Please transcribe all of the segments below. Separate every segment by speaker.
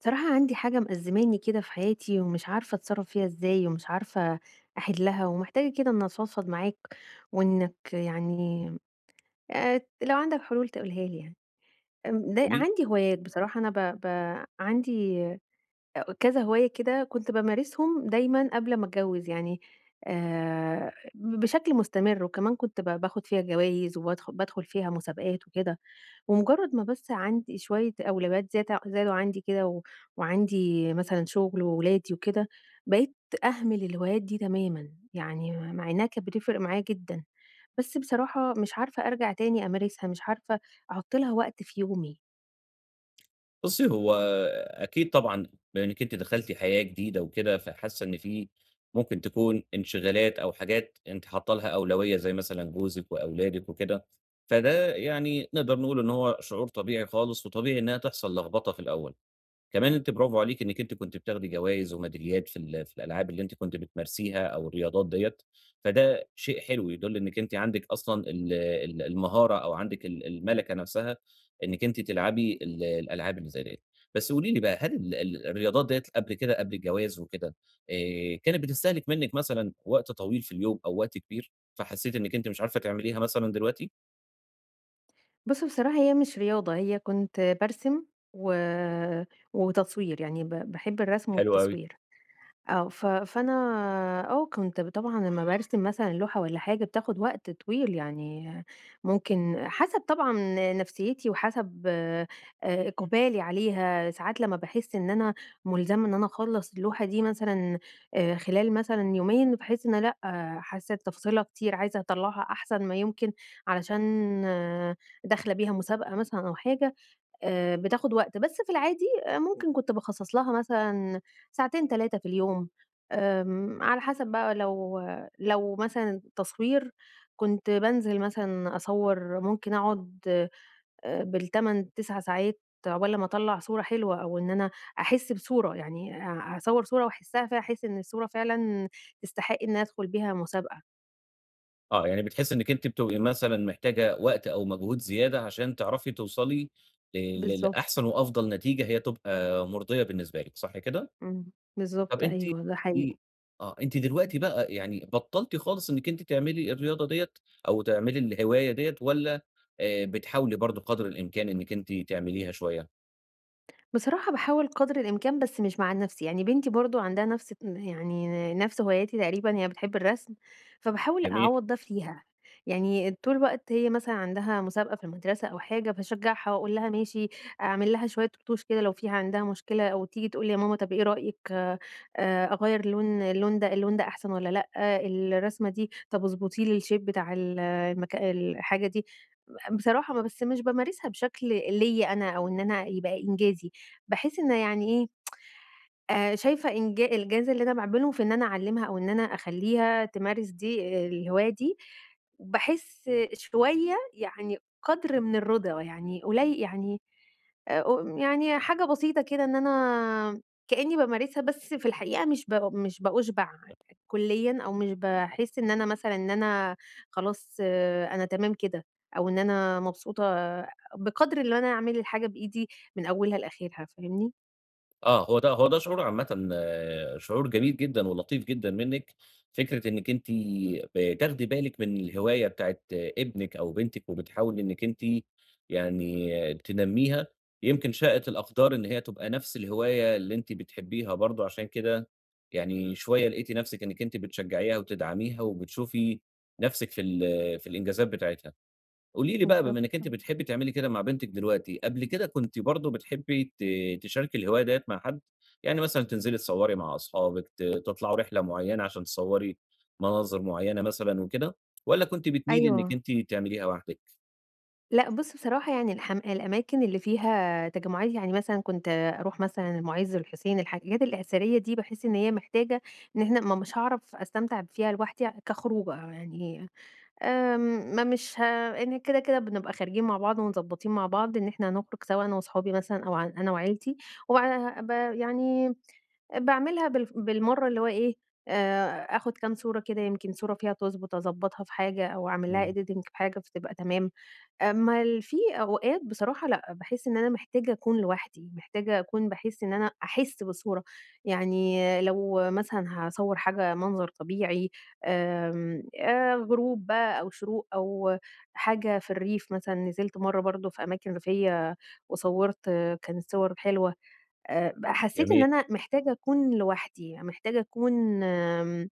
Speaker 1: بصراحة عندي حاجة مأزماني كده في حياتي، ومش عارفة أتصرَّف فيها إزاي، ومش عارفة أحلَّها، ومحتاجة كده إن أفضفض معاك، وإنّك يعني آآ، لو عندك حلول تقولها لي يعني، امم د
Speaker 2: قولي
Speaker 1: عندي هوايات، بصراحة أنا ب ب عندي أ كذا هواية كده كنت بامارسهم دايمًا قبل ما أتجوز يعني آآ، ب بشكل مستمر، وكمان كنت ب باخد فيها جوايز، وبادخل بادخل فيها مسابقات وكده، ومجرَّد ما بس عندي شوية أولويات زيادة زادوا عندي كده، و وعندي مثلًا شغل وولادي وكده، بقيت أهمل الهوايات دي تمامًا، يعني مع إنَّها كانت بتفرق معايا جدًا، بس بصراحة مش عارفة أرجع تاني أمارسها، مش عارفة احط لها وقت في يومي.
Speaker 2: بُصي، هو أكيد طبعًا، لأنك أنتِ دخلتِ حياة جديدة وكده، فحاسَّة إن في ممكن تكون انشغالات أو حاجات أنتِ حاطّة ليها أولوية زي مثلًا جوزِك وأولادِك وكده، فده يعني نقدر نقول إن هو شعور طبيعي خالص، وطبيعي إنّها تحصل لخبطة في الأول. كمان أنتِ برافو عليكِ إنّك أنتِ كنتِ بتاخدي جوايز وميداليات في ال في الألعاب اللي أنتِ كنتِ بتمارسيها أو الرياضات دِيَّة، فده شيء حلو، يدل إنّك أنتِ عندك أصلًا ال ال المهارة، أو عندك ال المَلَكَة نفسها، إنّك أنتِ تلعبي ال الألعاب اللي زي دِيَّة، بس قولي لي بقى، هل ال ال الرياضات دِيَّة قبل كده، قبل الجواز وكده آآ، كانت بتستهلك منِّك مثلًا وقت طويل في اليوم، أو وقت كبير، فحسّيتِ إنّك أنتِ مش عارفة تعمليها مثلًا دلوقتي؟
Speaker 1: بُص بصراحة هي مش رياضة، هي كنتَ بارسم و وتصوير، يعني ب باحب الرسم
Speaker 2: حلو أوي.
Speaker 1: والتصوير، آه، ف فأنا آه، كنت طبعًا لمَّا بارسم مثلًا اللوحة والَّا حاجة بتاخد وقت طويل، يعني ممكن حسب طبعًا نفسيّتي وحسب آآ، إقبالي عليها، ساعات لمَّا باحس إن أنا ملزمة إن أنا أخلَّص اللوحة دي مثلًا آآ خلال مثلًا يومين باحس إن لأ حاسّة تفاصيلها كتير، عايزة أطلَّعها أحسن ما يمكن، علشان داخلة بيها مسابقة مثلًا أو حاجة آآ، بتاخد وقت، بس في العادي ممكن كنت باخصَّص لها مثلًا ساعتين 3 في اليوم آمم، على حسب بقى، لو لو مثلًا تصوير كنت بانزل مثلًا أصوَّر ممكن أقعد آآ بال 8، 9 ساعات عقبال لمَّا أطلّع صورة حلوة، أو إن أنا أحس بصورة، يعني أ أصوَّر صورة وأحسَّها ف أحس إن الصورة فعلًا تستحق إن أنا أدخل بيها مسابقة.
Speaker 2: آه، يعني بتحسِّي إنك أنتِ بتبقي مثلًا محتاجة وقت أو مجهود زيادة عشان تعرفي توصلي ل ل
Speaker 1: بالضبط.
Speaker 2: لأحسن وأفضل نتيجة هي تبقى مرضية بالنسبة لِك، صح كده؟
Speaker 1: إمم،
Speaker 2: طب
Speaker 1: بالضبط،
Speaker 2: أنتِ قولي
Speaker 1: أيوه ده حقيقي.
Speaker 2: لي آه، أنتِ دلوقتي بقى يعني بطّلتِ خالص إنك أنتِ تعملي الرياضة دِيَّة، أو تعملي الهواية دِيَّة، والَّا آآ، بتحاولي برضه قدر الإمكان إنك أنتِ تعمليها شويّة؟
Speaker 1: بصراحة باحاول قدر الإمكان بس مش مع نفسي، يعني بنتي برضه عندها نفس يعني نفس هواياتي تقريبًا، هي بتحب الرسم، فباحاول
Speaker 2: جميل.
Speaker 1: أعوَّض ده فيها. يعني طول الوقت هي مثلًا عندها مسابقة في المدرسة أو حاجة فاشجعها وأقول لها ماشي، أعمل لها شوية رطوش كده لو فيه عندها مشكلة أو تيجي تقول لي يا ماما طب إيه رأيِِك آآ أغيّر اللون اللون ده اللون ده أحسن والّا لأ؟ الرسمة دي، طب اضبطي لي الshape بتاع ال المك الحاجة دي. ب بصراحة م بس مش بامارسها بشكل ليَّ أنا أو إن أنا يبقى إنجازي، باحس إن يعني إيه آآ شايفة إنجا الجاز اللي أنا باعمله في إن أنا أعلِمها أو إن أنا أخلّيها تمارس دي الهواية دي، باحس شوية يعني قدر من الرضا، يعني قلي يعني آآ ق يعني حاجة بسيطة كده إن أنا كأني بامارسها بس في الحقيقة مش ب مش بأُشبع كليًا أو مش باحس إن أنا مثلًا إن أنا خلاص أنا تمام كده، أو إن أنا مبسوطة بقدر إن أنا أعمل الحاجة بإيدي من أولها لآخرها، فاهمني؟
Speaker 2: آه، هو ده هو ده شعور عامةً شعور جميل جدًا ولطيف جدًا منِك، فكرة إنِك أنتِ بتاخدي بالِك من الهواية بتاعة ابنِك أو بنتِك وبتحاولي إنِك أنتِ يعني تنميها، يمكِن شائت الأقدار إن هي تبقى نفس الهواية اللي أنتِ بتحبيها برضه عشان كده يعني شوية لقيتِ نفسِك إنِك أنتِ بتشجعيها وتدعميها وبتشوفي نفسِك في ال في الإنجازات بتاعتها. قولي لي بقى بما
Speaker 1: بالضبط،
Speaker 2: إنِك أنتِ
Speaker 1: آه.
Speaker 2: بتحبي تعملي كده مع بنتِك دلوقتي، قبل كده كنتِ برضه بتحبي ت تشاركي الهواية دِيَّة مع حد؟ يعني مثلًا تنزلي تصوَّري مع اصحابك، ت تطلعوا رحلة مُعيّنة عشان تصوَّري مناظر معينة مثلًا وكده والّا كنتِ بتميلي إنِك
Speaker 1: أيوه.
Speaker 2: أنتِ تعمليها وحدِك؟
Speaker 1: لأ بُص بصراحة يعني الحم الأماكن اللي فيها تجمعات، يعني مثلًا كنت أروح مثلًا المُعز، الحسين، الحاجات الأثرية دي باحس إن هي محتاجة إن إحنا ما مش هاعرف أستمتع فيها لوحدي كخروجة يعني، آمم، ما مش ه إن كده كده بنبقى خارجين مع بعض ومضبطين مع بعض إن إحنا هنخرج سوا أنا وصحابي مثلًا أو ع أنا وعيلتي، و بعدها بقى يعني باعملها بالف بالمرّة اللي هو إيه آآ آخد كام صورة كده يمكِن صورة فيها تضبط أضبطها في حاجة أو أعمل لها
Speaker 2: إمم.
Speaker 1: editing بحاجة فتبقى تمام. أمّا ال في أوقات بصراحة لأ، باحس إن أنا محتاجة أكون لوحدي، محتاجة أكون باحس إن أنا أحس بالصورة. يعني لو مثلًا هاصوَّر حاجة منظر طبيعي، آمم، آآ غروب بقى أو شروق أو حاجة في الريف، مثلًا نزلت مرة برضه في أماكن ريفية وصوَّرت، كانت صور حلوة. آآ ب حسيت إن
Speaker 2: جميل.
Speaker 1: أنا محتاجة أكون لوحدي، محتاجة أكون، آمم،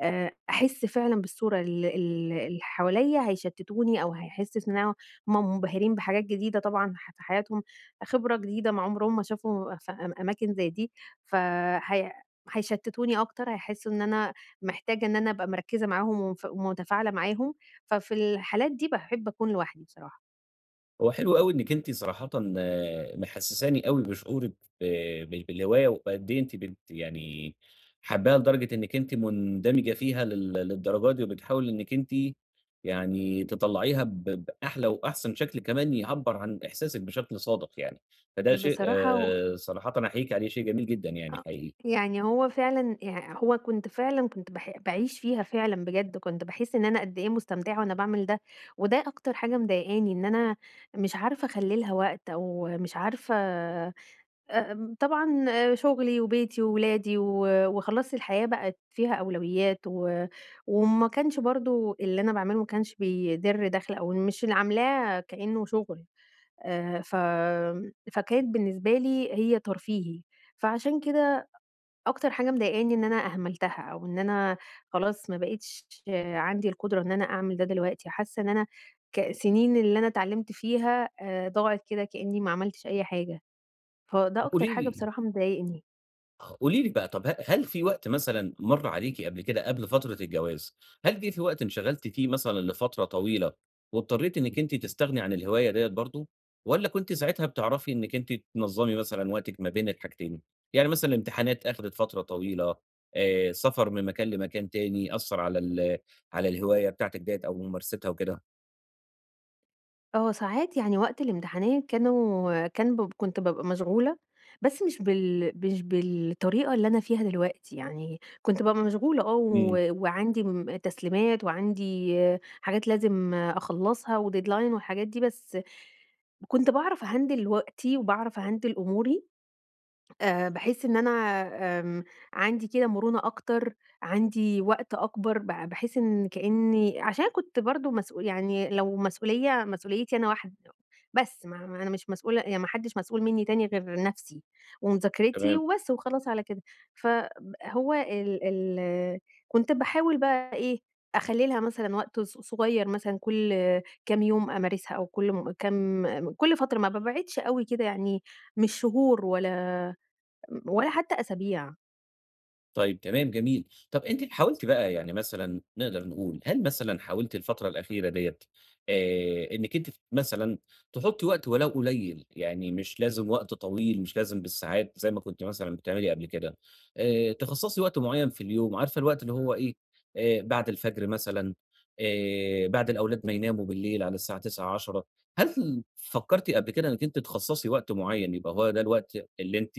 Speaker 1: آآ أحس فعلًا بالصورة ال ال اللي حواليَّ هيشتتوني أو هيحسس إن هو منبهرين بحاجات جديدة طبعًا ح في حياتهم، خبرة جديدة ما عمرهم ما شافوا ف أما أماكن زي دي، فهي هيشتتوني أكتر، هيحسوا إن أنا محتاجة إن أنا أبقى مركِّزة معاهم ومف ومتفاعلة معاهم. ففي الحالات دي باحب أكون لوحدي بصراحة.
Speaker 2: هو حلو أوي إنِك أنتِ صراحةً آآ، محسساني أوي بشعورِك ب ب بالهواية وبقد إيه أنتِ بت يعني حاباها لدرجة إنِك أنتِ مندمجة فيها لل للدرجة دي، وبتحاولي إنِك أنتِ يعني تطلّعيها ب بأحلى وأحسن شكل كمان يعبّر عن إحساسِك بشكل صادق يعني فده شيء
Speaker 1: بصراحة و
Speaker 2: صراحةً أحييكِ عليه، شيء جميل جدًا يعني
Speaker 1: آ
Speaker 2: حقيقي.
Speaker 1: يع هو فعلًا يعني هو كنت فعلًا كنت باح باعيش فيها فعلًا بجد، كنت باحس إن أنا قد إيه مستمتعة وأنا باعمل ده، وده أكتر حاجة مضايقاني إن أنا مش عارفة أخلي لها وقت، أو مش عارفة آآ، طبعًا شغلي وبيتي وولادي و وخلاص الحياة بقِت فيها أولويات و وإن ما كانش برضه اللي أنا باعمله ما كانش بيدرّ دخل، أو مش اللي عاملاه كإنه شغل، آآ، ف فكانت بالنسبة لي هي ترفيهي، فعشان كده أ أكتر حاجة مضايقاني إن أنا أهملتها أو إن أنا خلاص ما بقِتش عندي القدرة إن أنا أعمل ده دلوقتي، حاسة إن أنا ك سنين اللي أنا اتعلِّمت فيها آآ ضاعت كده كإني ما عملتش أي حاجة، فده
Speaker 2: طب
Speaker 1: أكتر
Speaker 2: قولي
Speaker 1: حاجة
Speaker 2: لي
Speaker 1: بصراحة مضايقني.
Speaker 2: قولي لي بقى، طب ه هل في وقت مثلًا مَر عليكِ قبل كده قبل فترة الجواز، هل جِه في وقت انشغلتِ فيه مثلًا لفترة طويلة واضطريتِ إنِك أنتِ تستغني عن الهواية دِيَّة برضه، والّا كنتِ ساعتها بتعرفي إنِك أنتِ تنظمي مثلًا وقتِك ما بين الحاجتين؟ يعني مثلًا الامتحانات أخدت فترة طويلة، آآ سفر من مكان لمكان تاني أثّر على ال على الهواية بتاعتِك دِيَّة أو ممارستها وكده؟
Speaker 1: آه، ساعات يعني وقت الامتحانات كانوا كان ب كنت بابقى مشغولة، بس مش بال مش بالطريقة اللي أنا فيها دلوقتي، يعني كنت بابقى مشغولة آه و
Speaker 2: إمم.
Speaker 1: وعندي م تسليمات وعندي حاجات لازم أخلصها و deadline والحاجات دي، بس كنت باعرف أهندِل وقتي وباعرف أهندِل أموري آآ باحس إن أنا آمم عندي كده مرونة أكتر، عندي وقت أكبر ب باحس إن كأني عشان كنت برضه مسؤو يعني لو مسؤولية مسؤوليتي أنا واحد بس، ما ما أنا مش مسؤولة يعني ما حدش مسؤول منّي تاني غير نفسي، ومذاكرتي
Speaker 2: تمام.
Speaker 1: وبس وخلاص على كده. فهو ال ال كنت باحاول بقى إيه أخلّي لها مثلًا وقت ص ص صغير مثلًا كل كام يوم أمارسها أو كل م كام كل فترة ما بابعدش أوي كده يعني مش شهور ولا ولا حتى أسابيع.
Speaker 2: طيب، تمام جميل. طب أنتِ حاولتِ بقى يعني مثلًا نقدر نقول، هل مثلًا حاولتِ الفترة الأخيرة ديَّة آآ، إنِّك أنتِ ت مثلًا تحطي وقت ولو قليّل، يعني مش لازم وقت طويل، مش لازم بالساعات زي ما كنتِ مثلًا بتعملي قبل كده، آآ، تِخصَّصي وقت معين في اليوم عارفة الوقت هو إيه، آآ، بعد الفجر مثلًا، آآ، بعد الأولاد ما يناموا بالليل، على الساعة 21:00، 22:00 هل فكرتِ قبل كده إنِّك أنتِ تِخصصي وقت معين يبقى هو ده الوقت اللي أنتِ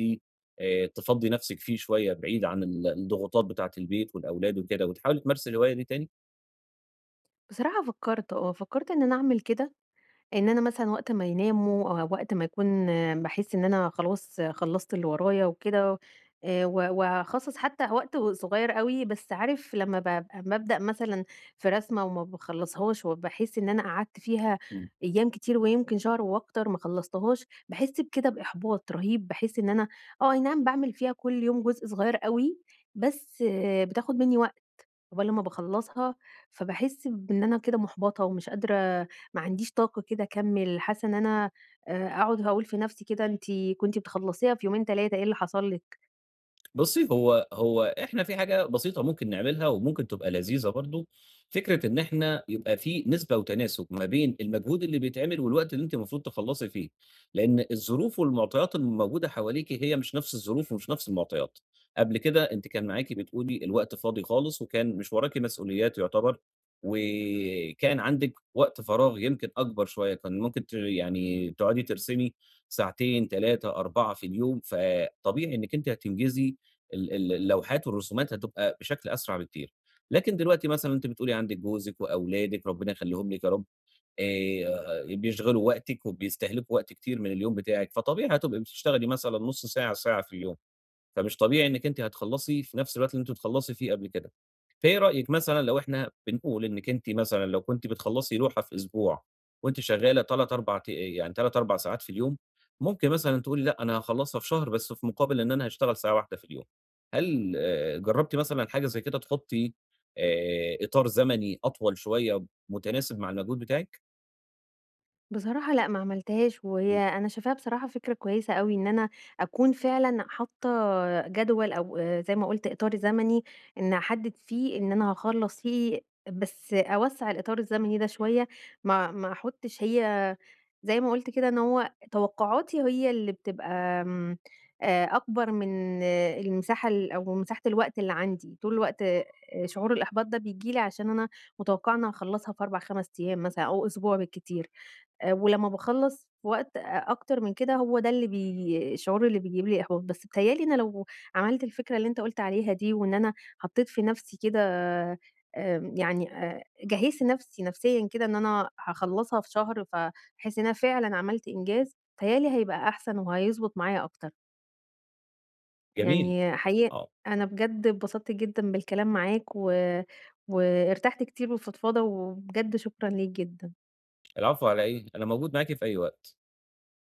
Speaker 2: آآ، تفضِّي نفسِك فيه شوية بعيد عن ال الضغوطات بتاعة البيت والأولاد وكده، وتحاولي تمارسي الهواية دي تاني؟
Speaker 1: بصراحة فكرت آه، فكرت إن أنا أعمل كده. إن أنا مثلًا وقت ما يناموا، وقت ما يكون باحس إن أنا خلاص خلَّصت اللي ورايا وكده آآ، و واخصّص حتى وقت صغير أوي، بس عارف لما بابقى أما أبدأ مثلًا في رسمة وما باخلصهاش وباحس إن أنا قعدت فيها
Speaker 2: إمم.
Speaker 1: أيام كتير ويمكن شهر وأكتر ما خلصتهاش، باحس بكده بإحباط رهيب، باحس إن أنا آه، أي نعم باعمل فيها كل يوم جزء صغير أوي، بس بتاخد مني وقت عقبال لمَّا باخلَّصها، فباحس بإن أنا كده مُحبطة ومش قادرة، ما عنديش طاقة كده أكمِّل، حاسَّة إن أنا آآ، أقعد هاقول في نفسي كده أنتِ كنتِ بتخلَّصيها في يومين، 3، إيه اللي حصل لِك!
Speaker 2: بصي هو هو إحنا في حاجة بسيطة ممكن نعملها وممكن تبقى لذيذة برضه، فكرة إن إحنا يبقى في نسبة وتناسب ما بين المجهود اللي بيتعمل والوقت اللي أنتِ المفروض تخلصي فيه. لأن الظروف والمعطيات الموجودة حواليكِ هي مش نفس الظروف ومش نفس المعطيات، قبل كده أنتِ كان معاكِ بتقولي الوقت فاضي خالص وكان مش وراكِ مسؤوليات يعتبر و كان عندكِ وقت فراغ يمكن أكبر شوية، كان ممكن ت يعني تقعدي ترسمي ساعتين، 3، 4 في اليوم، فطبيعي إنِّك أنتِ هتنجزي ال ال اللوحات والرسومات هتبقى بشكل أسرع بكتير. لكن دلوقتي مثلًا أنتِ بتقولي عندِك جوزِك وأولادِك ربنا يخليهم لِك يا رب، آآ، بيشغلوا وقتِك وبيستهلكوا وقت كتير من اليوم بتاعِك، فطبيعي هتبقي بتشتغلي مثلًا نص ساعة، ساعة في اليوم، فمش طبيعي إنِّك أنتِ هتخلَّصي في نفس الوقت اللي أنتِ بتخلَّصي فيه قبل كده. فإيه رأيِك مثلًا لو إحنا بنقول إنِّك أنتِ مثلًا لو كنتِ بتخلَّصي لوحة في أسبوع، وأنتِ شغَّالة 3، 4 ت يعني 3، 4 ساعات في اليوم، ممكن مثلًا تقولي لأ، أنا هاخلَّصها في شهر، بس في مقابل إن أنا هاشتغل ساعة واحدة في اليوم. هل جربتِ مثلًا حاجة زي كده؟ تحطّي، آآ، إطار زمني أطول شوية متناسب مع المجهود بتاعِك؟
Speaker 1: بصراحة لأ، ما عملتهاش، وهي
Speaker 2: إمم.
Speaker 1: أنا شايفاها بصراحة فكرة كويسة أوي، إن أنا أكون فعلًا حاطّة جدول أو آآ، زي ما قُلت إطار زمني، إنِّي أحدد فيه إن أنا هاخلص فيه، بس أوَسّع الإطار الزمني ده شوية، ما ما أحطش هي زي ما قُلت كده، إن هو توقعاتي هي اللي بتبقى امم، آآ، أكبر من المساحة ال أو مساحة الوقت اللي عندي، طول الوقت آآ، شعور الإحباط ده بييجي لي عشان أنا مُتوقعة إنّي هأخلّصها في 4، 5 أيام مثلًا أو أسبوع بالكتير. آآ، ولما باخلّص في وقت أ أكتر من كده، هو ده اللي بي الشعور اللي بيجيب لي إحباط. بس بيتهيأ لي أنا لو عملت الفكرة اللي أنت قُلت عليها دي وإن أنا حطّيت في نفسي كده آمم، يعني آآ، جهّزت نفسي نفسيًا كده إن أنا هاخلّصها في شهر، فهاحس إن أنا فعلًا عملت إنجاز، بيتهيأ لي هيبقى أحسن وهيضبط معايا أكتر.
Speaker 2: جميل،
Speaker 1: يعني حقيقي
Speaker 2: آه، آه.
Speaker 1: أنا بجد اتبسطت جدًا بالكلام معاك و وارتحت كتير بالفضفضة، وبجد شكرًا ليك جدًا.
Speaker 2: العفو، على إيه، أنا موجود معاكِ في أي وقت.